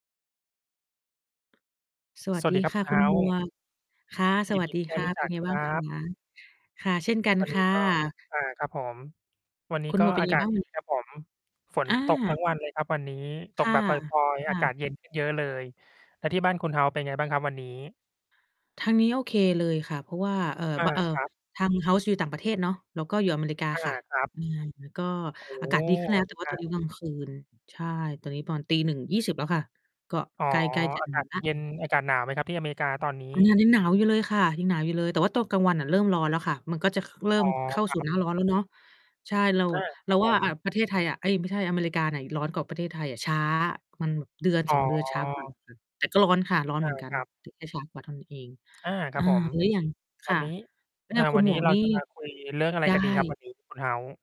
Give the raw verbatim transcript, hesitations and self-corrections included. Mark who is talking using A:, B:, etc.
A: สว
B: ส
A: ัส
B: วั
A: ด
B: ส
A: ี
B: ดีครั
A: ค
B: บ
A: ่
B: คุ
A: ะ
B: ณเ
A: ค
B: ฮ
A: ุ
B: ้
A: ณ
B: า
A: หม
B: ส์
A: วก ค่ะ ส
B: ยิ
A: ว
B: น
A: ั
B: ด
A: ส
B: ี
A: ดี
B: ที่ได
A: ค
B: ้
A: ่ะ
B: รู้
A: เป
B: จ
A: ็น
B: ัก
A: ไง
B: ค
A: บ้
B: ร
A: าง
B: ั
A: คะ?
B: บ
A: ค่ะ เช่นกัน
B: วัน
A: ค
B: นี้
A: ่
B: ก็
A: ะ
B: อา ครับผม วันนี
A: ค
B: ้
A: ุณ
B: ก
A: หม
B: ็
A: วก เป็น
B: อา
A: ไง
B: กาศ
A: บ้าง
B: ดี
A: วันเนี้ย?
B: ครับผม ฝน
A: อ
B: ตก ท
A: า
B: ั้งวันเลยครับ วันนี้ ต
A: ค
B: ก
A: ่ะ
B: แบบ ปรอย
A: ค
B: ๆ
A: ่
B: อากา
A: ะ
B: ศเย็น ขึ้นเยอะเลย แล้วที่บ้านคุณเฮ้าส์เป็นไงบ้างครับวันนี้?
A: ทางนี้โอเคเลยค่ะ เพราะว่า เอ่อ
B: อา
A: บ เอ่อ
B: ครับ
A: ทาง House อยู่ต่างประเทศเนาะ แล้วก็อยู่อเมริกา
B: อา
A: ค่ะ
B: ครับ
A: อือ ก็
B: โอ้
A: อ
B: โ
A: า
B: ฮ
A: กาศดีขึ้นแล้
B: อ
A: ว
B: เ
A: แ
B: ม
A: ต่
B: ริ
A: ว่า
B: ก
A: ตอน
B: า
A: นี้ตอนกลางคืน ใช่ ตอนนี้ตอน ตีหนึ่งยี่สิบ แล้วค่ะ ก็
B: อ๋อ
A: ใกล้ ๆ จะ
B: อา
A: นอ
B: กา
A: น
B: ศ
A: แล้ว
B: เย็น อากาศหนาวไหมครับ? ที่อเมริกาตอนนี
A: มันย
B: ้
A: ัง ยังหนาวอยู่เลยค่ะ ยังหนาวอยู่เลย แต่ตอนกลางวันน่ะเริ่มร้อนแล้วค่ะ มันก็จะ ค เริ่
B: อ๋
A: ม
B: อ
A: เข้า
B: ค
A: ส
B: รั
A: ู่
B: บ
A: หน้าร้อนแล้วเนาะ ใช่ เรา
B: อา ค
A: เร
B: ร
A: า
B: ับ
A: ว
B: ผ
A: ่า
B: ม
A: อะ ประเทศไทยอะ เอ๊ย ไม่ใช่ อเมริกาน่ะ ย ร้อนกว่า ประเทศไทยอะ ช้า มันแบบเดือน
B: อ๋
A: สอ
B: อ
A: ง เดือนช้า กว่าค่ะ แต่ก็ร้อนค่ะ ร้อน
B: อ
A: เห
B: า
A: มือนกั
B: ค
A: น
B: รับ
A: แต่แค่ช้ากว่าเท่านั้นเอง
B: อา คร
A: อา
B: ับผม
A: แล้วอย่าง ค
B: วั
A: ่
B: น
A: ะ
B: นี้
A: แล้ว
B: อ
A: ท
B: ่า
A: างคุ
B: วั
A: ณ
B: น
A: หม
B: นี้
A: วก
B: เรา
A: นี่
B: จะมาคุยเรื่องอะไร
A: ได
B: กันดีครับ
A: ้
B: วันนี้ คุณเฮ้าส์?